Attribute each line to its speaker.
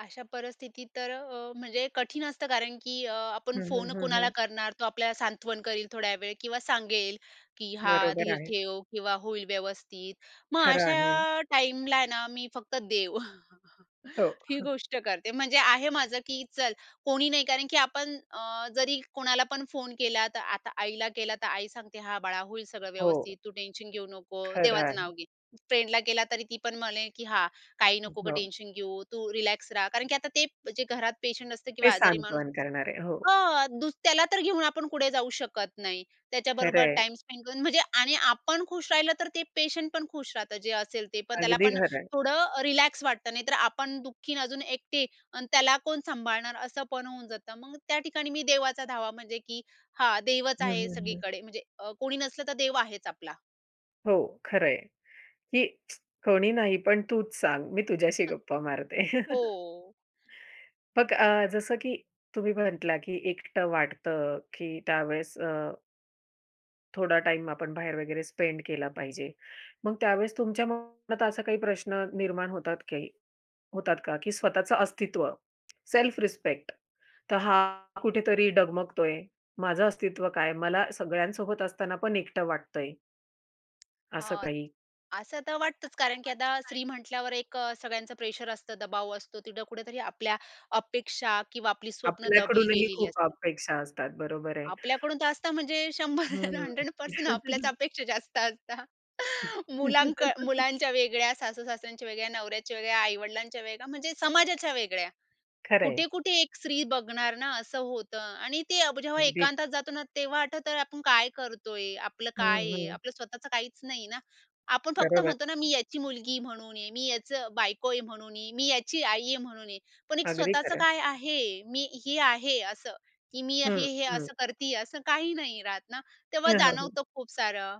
Speaker 1: अशा परिस्थितीत तर अ अ, म्हणजे कठीण असतं कारण की अ, आपण
Speaker 2: हं, हं,
Speaker 1: फोन
Speaker 2: हं,
Speaker 1: कुणाला
Speaker 2: हं.
Speaker 1: करणार. तो आपल्याला सांत्वन करील थोड्या वेळ, किंवा सांगेल की "हां
Speaker 2: बरोबर
Speaker 1: धीर
Speaker 2: आहे.
Speaker 1: ठेव, किंवा होईल व्यवस्थित". मग
Speaker 2: खरं आहे.
Speaker 1: अशा टाईमला आहे ना मी फक्त देव,
Speaker 2: हो,
Speaker 1: ही गोष्ट करते. म्हणजे आहे माझं, की चल कोणी नाही कारण की आपण अ, जरी कोणाला पण फोन केला तर आता आईला केला, तर आई सांगते "हां बाळा होईल सगळं
Speaker 2: हो.
Speaker 1: व्यवस्थित, तू टेन्शन घेऊ नको,
Speaker 2: खरं
Speaker 1: देवाचं नाव
Speaker 2: आहे.
Speaker 1: घे". फ्रेंडला केला, तरी ती पण म्हणे की "हां, काही
Speaker 2: अ,
Speaker 1: नको गं
Speaker 2: हो.
Speaker 1: टेन्शन घेऊ, तू रिलॅक्स रहा," कारण की आता ते जे घरात पेशंट असतं किंवा
Speaker 2: ते
Speaker 1: आजारी माणूस
Speaker 2: सांत्वन करणारे, हो.
Speaker 1: हां, दु त्याला तर घेऊन आपण कुठे जाऊ शकत नाही.
Speaker 2: खरं
Speaker 1: त्याच्याबरोबर
Speaker 2: आहे.
Speaker 1: टाईम स्पेंड करून म्हणजे आणि आपण खुश राहिलं तर ते पेशंट पण खुश राहतं, जे असेल ते पण त्याला
Speaker 2: अगदी,
Speaker 1: पण
Speaker 2: खरं आहे.
Speaker 1: थोडं अ, रिलॅक्स वाटतं. नाहीतर आपण दुःखी अन् अजून एकटे आणि त्याला कोण सांभाळणार असं पण होऊन जातं. मग त्या ठिकाणी मी देवाचा धावा म्हणजे, की हां देवच
Speaker 2: हं,
Speaker 1: आहे
Speaker 2: हं, हं.
Speaker 1: सगळीकडे, म्हणजे अ, कोणी नसलं तर देव आहेच आपला.
Speaker 2: हो खरं आहे, की कोणी नाही पण तूच सांग, मी तुझ्याशी
Speaker 1: हां.
Speaker 2: गप्पा मारते.
Speaker 1: हो.
Speaker 2: मग अ, जसं की तुम्ही म्हटला की एकटं वाटतं, की त्यावेळेस अ थोडा टाईम आपण बाहेर वगैरे स्पेंड केला पाहिजे. मग त्यावेळेस तुमच्या मनात असा काही प्रश्न निर्माण होतात काही होतात का? की स्वतःचं अस्तित्व, सेल्फ रिस्पेक्ट, तर हा कुठेतरी डगमगतोय? माझं अस्तित्व काय? मला सगळ्यांसोबत असताना पण एकटं वाटतं आहे असं
Speaker 1: हां,
Speaker 2: काही?
Speaker 1: असं तर वाटतचं,
Speaker 2: असं तर
Speaker 1: कारण की आता
Speaker 2: वाटतय काय?
Speaker 1: स्त्री म्हटल्यावर एक अ, सगळ्यांचं प्रेशर असतं, दबाव असतो. तिथं कुठेतरी आपल्या अपेक्षा, किंवा आपली स्वप्न दबली
Speaker 2: आपल्याकडूनही
Speaker 1: गेलेली
Speaker 2: खूप
Speaker 1: असते.
Speaker 2: अपेक्षा असतात, बरोबर आहे.
Speaker 1: आपल्याकडून तर असतं म्हणजे 100,
Speaker 2: हं.
Speaker 1: 100% आपल्याच अपेक्षा जास्त असता. मुलां क मुलांच्या वेगळ्या, सासूसासऱ्यांच्या वेगळ्या, नवऱ्याच्या वेगळ्या, आई-वडिलांच्या वेगळ्या, म्हणजे समाजाच्या वेगळ्या.
Speaker 2: खरं आहे.
Speaker 1: कुठे-कुठे एक स्त्री बघणार ना, असं होतं. आणि ते अब जेव्हा
Speaker 2: अगदी.
Speaker 1: एकांतात जातो ना, तेव्हा आठवतं अरे आपण काय करतोय? आपलं काय
Speaker 2: हं,
Speaker 1: आहे?
Speaker 2: हं.
Speaker 1: आपलं स्वतःचं काहीच नाही ना? आपण फक्त
Speaker 2: बरोबर.
Speaker 1: म्हणतो ना, "मी याची मुलगी" म्हणून आहे. "मी याचं बायको आहे" म्हणून आहे, "मी याची आई आहे" म्हणून आहे. पण एक
Speaker 2: अगदी,
Speaker 1: स्वतःचं
Speaker 2: खरं आहे.
Speaker 1: काय आहे? मी हे आहे, असं? की मी अ,
Speaker 2: हं,
Speaker 1: हे-हे
Speaker 2: हं.
Speaker 1: असं करतीये, असं काही नाही राहत ना, तेव्हा
Speaker 2: हं, हो, हो.
Speaker 1: जाणवतो खूप सारं.